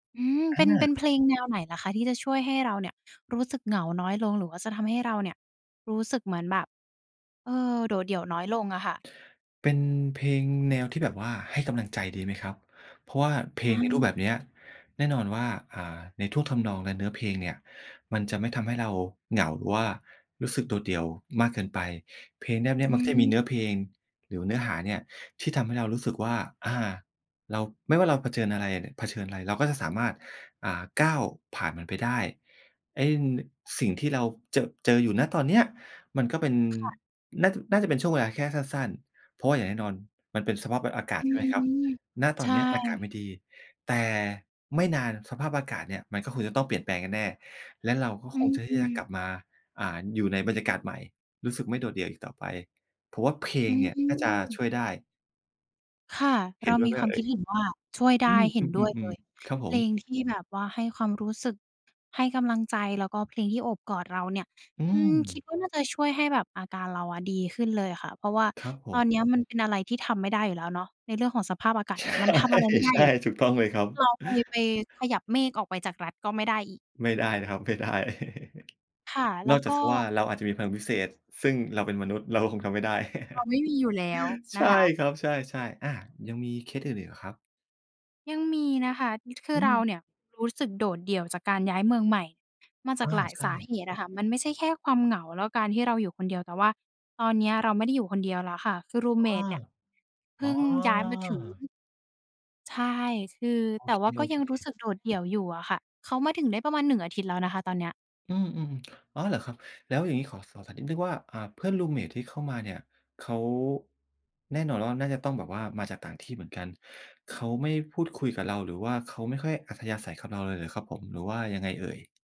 อืม อเป็น เป็นา เพลงแนวไหนเหรอคะที่จะช่วยให้เราเนี่ยรู้สึกเหงาน้อยลง หรือว่าจะทำให้เราเนี่ยรู้สึกเหมือนแบบ เออ โดดเดี่ยวน้อยลงอะค่ะ? เป็นเพลงแนวที่แบบว่า ให้กำลังใจดีไหมครับ เพราะว่าเพลงในรูปแบบอา เนี้ยแน่นอนว่า อ่า ในท่วงทำนองและเนื้อเพลงเนี่ยมันจะไม่ทำให้เราเหงา หรือว่ารู้สึกโดดเดี่ยวมากเกินไป เพลงเนี้ย เนี้อยืมักจะมีม เนื้อเพลงหรือเนื้อหาเนี่ยที่ทำให้เรารู้สึกว่า อา เรา ไม่ว่าเราเผชิญอะไรอะเนี่ย เผชิญอะไร เราก็จะสามารถ อ่า ก้าวผ่านมันไปได้ ไอ้ น สิ่งที่เรา จ เจออยู่ ณ ตอนเนี้ยมันก็เป็น ค่ะ น่าจะ น่าจะเป็นช่วงเวลาแค่สั้น ๆ เพราะว่าอย่างแน่นอนมันเป็นสภาพ ว อากาศ อืใช่ไหมครับ อ ณ ๆ ตใชอน่ นี้อากาศไม่ดี แต่ไม่นานสภาพอากาศเนี่ยมันก็คงจะต้องเปลี่ยนแปลงแน่ ๆ และเราก็อคื้งอจะ ฮทีื่จะกอ ลับมา อ่า อยู่ในบรรยากาศใหม่ รู้สึกไม่โดดเดี่ยวอีกต่อไป ผมว่าเพลอืงเนี่ยน่าจะชม ่วยได้ ค่ะ เเหร็านด้วมียไหมความเอค่ิดย เห็นว่าช่วยไดอื้ อ เห็อนด้วยเืลม ย ๆ ๆ ครับผเพลม งที่แบบว่าให้ความรู้สึก ให้กำลังใจ แล้วก็เพลงที่โอบกอดเราเนี่ย อือืม คิดม ว่าน่าจะช่วยให้แบบอาการเราอะดีขึ้นเลยอะค่ะ เพราะว่าครับผตอม นเนี้ยมันเป็นอะไรที่ทำไม่ได้อยู่แล้วเนาะ ในเรื่องของสภาพอากาศใชเน่ ี่ยมันทำอะไรไม่ได้ใชอ่ ยู่แล้ว ถูกต้องเลยครับ เราไป ไปขยับเมฆออกไปจากรัฐก็ไม่ได้อีก ไม่ได้นะครับ ไม่ได้ ค่ะ แล้นวอกจกา็ กเสียว่าเราอาจจะมีพลังพิเศษ ซึ่งเราเป็นมนุษย์ เราก็คงทำไม่ได้ เราไม่มีอยู่แล้วในชะ่คะ ครับ ใช่ ๆ อา ยังมีเคสอื่นอีกเหรอครับ? ยังมีนะคะ ด คืออืเราม เนี่ยรู้สึกโดดเดี่ยวจากการย้ายเมืองใหม่ มาจอาา กหลายใชสา่ เหตุอะค่ะ มันไม่ใช่แค่ความเหงา แล้วการที่เราอยู่คนเดียว แต่ว่าตอนเนี้ยเราไม่ได้อยู่คนเดียวแล้วค่ะ คือ รูมเมอ้ต อ เนี่ย เพอ๋อ ิ่งย้ายมาถึง ใช่ คือ โอแต่เว่าก็ยค ังรู้ๆ สึกโดดเดี่ยวอยู่อะค่ะ เขามาถึงได้ประมาณ 1 อาทิตย์แล้วนะคะตอนนี้ อืม ๆ อ๋อ เหรอครับ? แล้วอย่างงี้ขอสอบถามนิดหนึ่งว่า อ่า เพื่อน รูมเมต ที่เข้ามาเนี่ยเขา แน่นอนว่าน่าจะต้องแบบว่ามาจากต่างที่เหมือนกัน เขาไม่พูดคุยกับเรา หรือว่าเขาไม่ค่อยอัธยาศัยกับเราเลยเหรอครับ ผม หรือว่ายังไงเอ่ย?